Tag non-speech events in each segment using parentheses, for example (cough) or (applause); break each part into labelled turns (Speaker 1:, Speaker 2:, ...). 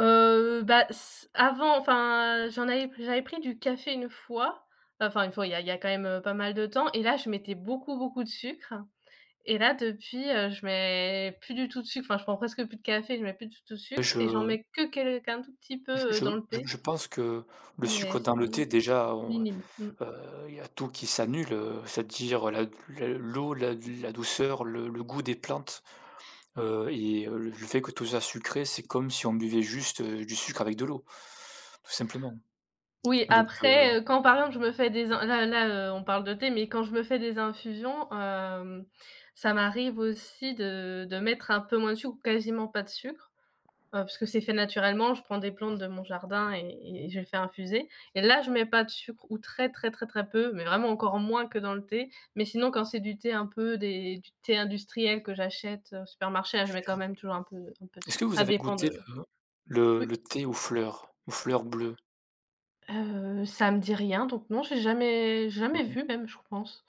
Speaker 1: Heu, bah s avant enfin, heu, j'en avais pr j'avais pris du café 1 fois, enfin une fois, il y a il y a quand même, heu, pas mal de temps et là, je mettais beaucoup beaucoup de sucre et là depuis, heu, je mets plus du tout de sucre, enfin, je prends presque plus de café, je mets plus du tout de
Speaker 2: Et
Speaker 1: sucre et j'en
Speaker 2: je
Speaker 1: mets que quel qu'un tout petit peu,
Speaker 2: j
Speaker 1: heu,
Speaker 2: je
Speaker 1: dans le
Speaker 2: je
Speaker 1: thé
Speaker 2: je pense que le
Speaker 1: mais
Speaker 2: sucre
Speaker 1: c'est
Speaker 2: dans le
Speaker 1: vraiment,
Speaker 2: thé déjà, heu,
Speaker 1: minime. Mmh.
Speaker 2: heu, il y a tout qui s'annule, heu, c'est-à-dire la l l'eau, la d la douceur, le le goût des plantes. Heu, et heu, le fait que tout ça sucré, c'est comme si on buvait juste, heu, du sucre avec de l'eau. Tout simplement,
Speaker 1: Oui,
Speaker 2: donc heu
Speaker 1: après, heu, quand par exemple, je me fais des in là là, heu, on parle de thé, mais quand je me fais des infusions, hem, ça m'arrive aussi de de mettre un peu moins de sucre ou quasiment pas de sucre, heu, puisque c'est fait naturellement, je prends des plantes de mon jardin et et et je les fais infuser, et là, je mets pas de sucre ou très très très très peu, mais vraiment encore moins que dans le thé, mais sinon quand c'est du thé un peu des du thé industriel que j'achète au supermarché, la je mets quand même toujours un peu un peu de
Speaker 2: Est-ce que
Speaker 1: sucre.
Speaker 2: vous
Speaker 1: Ça
Speaker 2: avez
Speaker 1: dépend
Speaker 2: goûté
Speaker 1: de
Speaker 2: le le
Speaker 1: oui.
Speaker 2: le thé aux fleurs? Aux fleurs bleues?
Speaker 1: Heu, ça me dit rien, donc non, j'ai jamais jamais
Speaker 2: Non.
Speaker 1: vu même je pense,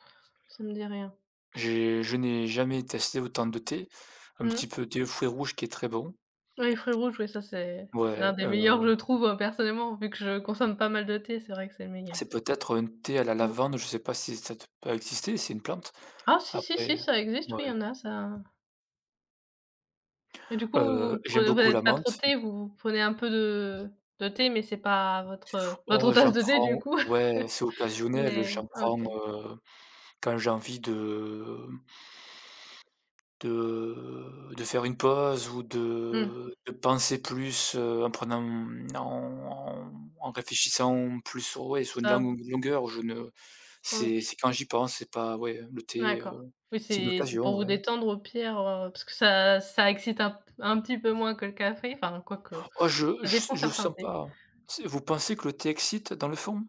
Speaker 1: ça me dit rien.
Speaker 2: J'ai je n'ai jamais testé autant de thé, un petit
Speaker 1: Mmh.
Speaker 2: peu thé aux fruits rouge qui est très bon.
Speaker 1: Oui fruits rouges ouais ça c'est c'est l'un
Speaker 2: Ouais,
Speaker 1: des meilleurs que
Speaker 2: heu
Speaker 1: je trouve, heu, personnellement, vu que je consomme pas mal de thé, c'est vrai que c'est le meilleur.
Speaker 2: C'est peut-être un thé à la
Speaker 1: Mmh.
Speaker 2: lavande, je sais pas si ça doit pas exister, c'est une plante.
Speaker 1: Ah si si
Speaker 2: Après,
Speaker 1: si,
Speaker 2: heu,
Speaker 1: ça existe, oui, il y
Speaker 2: mouais.
Speaker 1: en a ça et du coup, vous
Speaker 2: Heu,
Speaker 1: vous pre
Speaker 2: j'aime
Speaker 1: vous
Speaker 2: beaucoup
Speaker 1: êtes
Speaker 2: la
Speaker 1: pas trop
Speaker 2: menthe.
Speaker 1: thé, vous vous prenez un peu de, heu, de thé, mais c'est pas votre, heu,
Speaker 2: Oh
Speaker 1: votre
Speaker 2: j'en
Speaker 1: tasse de thé du
Speaker 2: prends
Speaker 1: coup!
Speaker 2: ouais
Speaker 1: (chuckles)
Speaker 2: c'est occasionnel, heu,
Speaker 1: Mais
Speaker 2: j'en prends,
Speaker 1: OK.
Speaker 2: heu, quand j'ai envie de m de de faire une pause ou
Speaker 1: Mmh.
Speaker 2: de de penser plus, heu, en prenant, mmh, en en réfléchissant plus sur ouais, sur une
Speaker 1: Ça
Speaker 2: langue ou
Speaker 1: vous
Speaker 2: une longueur je ne c'est
Speaker 1: OK.
Speaker 2: c'est quand j'y pense, c'est pas ouais, heu, le thé, heu,
Speaker 1: D'accord. Oui,
Speaker 2: c'est une
Speaker 1: c'est c'est
Speaker 2: occasion
Speaker 1: pour vous
Speaker 2: ouais.
Speaker 1: détendre au pire, heu, parce que ça ça excite un p un petit peu moins que le café, enfin, quoique
Speaker 2: Oh je
Speaker 1: ça
Speaker 2: je s
Speaker 1: dépend de
Speaker 2: je
Speaker 1: certains
Speaker 2: sens
Speaker 1: thés.
Speaker 2: pas. C'est vous pensez que le thé excite dans le fond?